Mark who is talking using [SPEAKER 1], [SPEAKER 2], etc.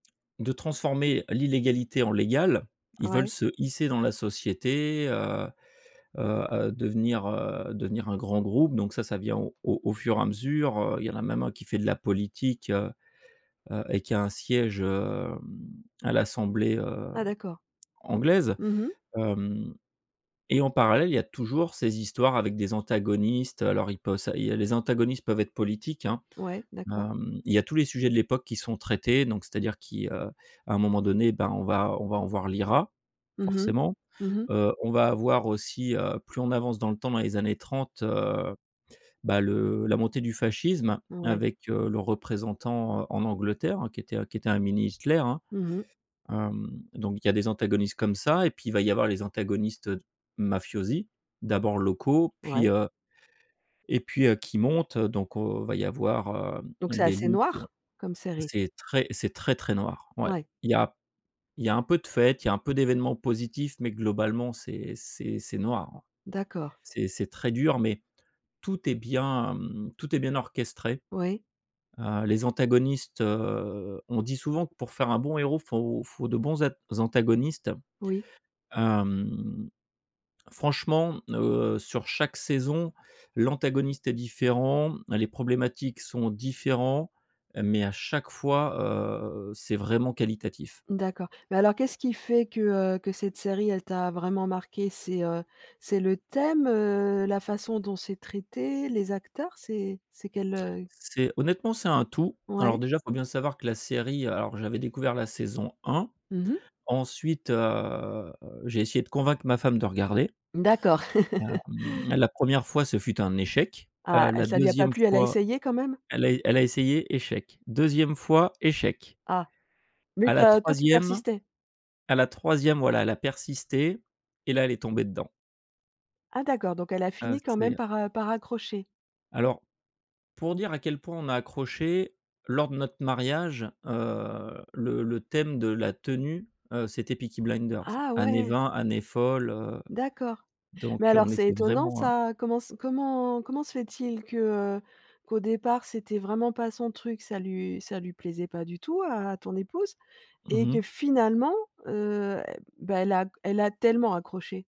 [SPEAKER 1] De transformer l'illégalité en légal. Ils veulent
[SPEAKER 2] Ouais.
[SPEAKER 1] se hisser dans la société, heu, heu, heu, devenir, heu, devenir un grand groupe. Donc ça, ça vient au au au fur et à mesure, heu. Il y en a même 1 qui fait de la politique, heu, heu et qui a un siège hem à l'assemblée, heu,
[SPEAKER 2] Ah d'accord.
[SPEAKER 1] anglaise.
[SPEAKER 2] Mmh mh.
[SPEAKER 1] Hem et en parallèle, il y a toujours ces histoires avec des antagonistes, heu. Alors ils poss il y a les antagonistes peuvent être politiques, hein.
[SPEAKER 2] Ouais d'accord.
[SPEAKER 1] Hem, il y a tous les sujets de l'époque qui sont traités, donc c'est-à-dire qui, heu à un moment donné, ben on va on va avoir l'IRA,
[SPEAKER 2] Mmh mh.
[SPEAKER 1] forcément.
[SPEAKER 2] Mmh mh.
[SPEAKER 1] Heu, on va avoir aussi, heu, plus on avance dans le temps dans les années 30, heu, ben, le la montée du fascisme
[SPEAKER 2] Ouais.
[SPEAKER 1] avec, heu, le représentant, heu, en Angleterre, hein, qui était un qui était un mini Hitler hein.
[SPEAKER 2] Mmh mh.
[SPEAKER 1] Hem, donc il y a des antagonistes comme ça et puis il va y avoir les antagonistes, heu, d mafiosi. D'abord locaux puis,
[SPEAKER 2] Ouais.
[SPEAKER 1] heu, et puis, heu, qui montent, heu, donc o va y avoir,
[SPEAKER 2] Donc
[SPEAKER 1] hem,
[SPEAKER 2] c'est
[SPEAKER 1] des
[SPEAKER 2] assez
[SPEAKER 1] luttes, heu.
[SPEAKER 2] noir, comme série?
[SPEAKER 1] C'est très c'est très, très noir. Ouais.
[SPEAKER 2] Ouais.
[SPEAKER 1] Il y a il y a un peu de fête, il y un peu d'événements positifs mais globalement c'est c'est c'est noir, hein.
[SPEAKER 2] D'accord.
[SPEAKER 1] C'est c'est très dur, mais tout est bien, mmh, tout est bien orchestré.
[SPEAKER 2] Oui.
[SPEAKER 1] Heu, les antagonistes, heu on dit souvent que pour faire un bon héros, faut faut de bons att antagonistes.
[SPEAKER 2] Oui.
[SPEAKER 1] Hem, franchement, heu, sur chaque saison, l'antagoniste est différent. Les problématiques sont différents, mais à chaque fois, heu, c'est vraiment qualitatif.
[SPEAKER 2] D'accord. Mais alors qu'est-ce qui fait que, heu, que cette série elle t'a vraiment marqué? C'est, heu, c'est le thème? Heu, la façon dont c'est traité? Les acteurs? C'est c'est quel, heu
[SPEAKER 1] C'est honnêtement, c'est un tout. Alors
[SPEAKER 2] Ouais.
[SPEAKER 1] déjà, il faut bien savoir que la série alors j'avais découvert la saison 1.
[SPEAKER 2] Mmh mh.
[SPEAKER 1] Ensuite, heu, j'ai essayé de convaincre ma femme de regarder.
[SPEAKER 2] D'accord.
[SPEAKER 1] Hem, la 1re fois ce fut un échec.
[SPEAKER 2] Ah,
[SPEAKER 1] Heu,
[SPEAKER 2] elle
[SPEAKER 1] la
[SPEAKER 2] ça lui a pas
[SPEAKER 1] 2e
[SPEAKER 2] plu, elle a
[SPEAKER 1] fois
[SPEAKER 2] essayé quand même?
[SPEAKER 1] elle a é elle a essayé échec, 2e fois échec.
[SPEAKER 2] Ah. Mais
[SPEAKER 1] À
[SPEAKER 2] tu
[SPEAKER 1] la
[SPEAKER 2] as toi, tu
[SPEAKER 1] 3e
[SPEAKER 2] persistais?
[SPEAKER 1] à la 3e voilà elle a persisté et là elle est tombée dedans.
[SPEAKER 2] Ah d'accord, donc elle a
[SPEAKER 1] Ah
[SPEAKER 2] fini quand
[SPEAKER 1] c'est,
[SPEAKER 2] même
[SPEAKER 1] heu
[SPEAKER 2] par, heu, par accrocher.
[SPEAKER 1] Alors, pour dire à quel point on a accroché, lors de notre mariage, heu, le le thème de la tenue, heu, c'était Peaky Blinders,
[SPEAKER 2] Ah
[SPEAKER 1] années
[SPEAKER 2] ouais!
[SPEAKER 1] 20, années folles, heu,
[SPEAKER 2] D'accord. Mais
[SPEAKER 1] donc, heu,
[SPEAKER 2] alors
[SPEAKER 1] on
[SPEAKER 2] c'est
[SPEAKER 1] était
[SPEAKER 2] étonnant
[SPEAKER 1] vraiment, hein.
[SPEAKER 2] ça. Comment s comment comment se fait-il que, heu, qu'au départ c'était vraiment pas son truc, ça lu ça lui plaisait pas du tout à à ton épouse
[SPEAKER 1] Mmh
[SPEAKER 2] et
[SPEAKER 1] mh.
[SPEAKER 2] que finalement, heu, e bah, elle a g elle a tellement accroché?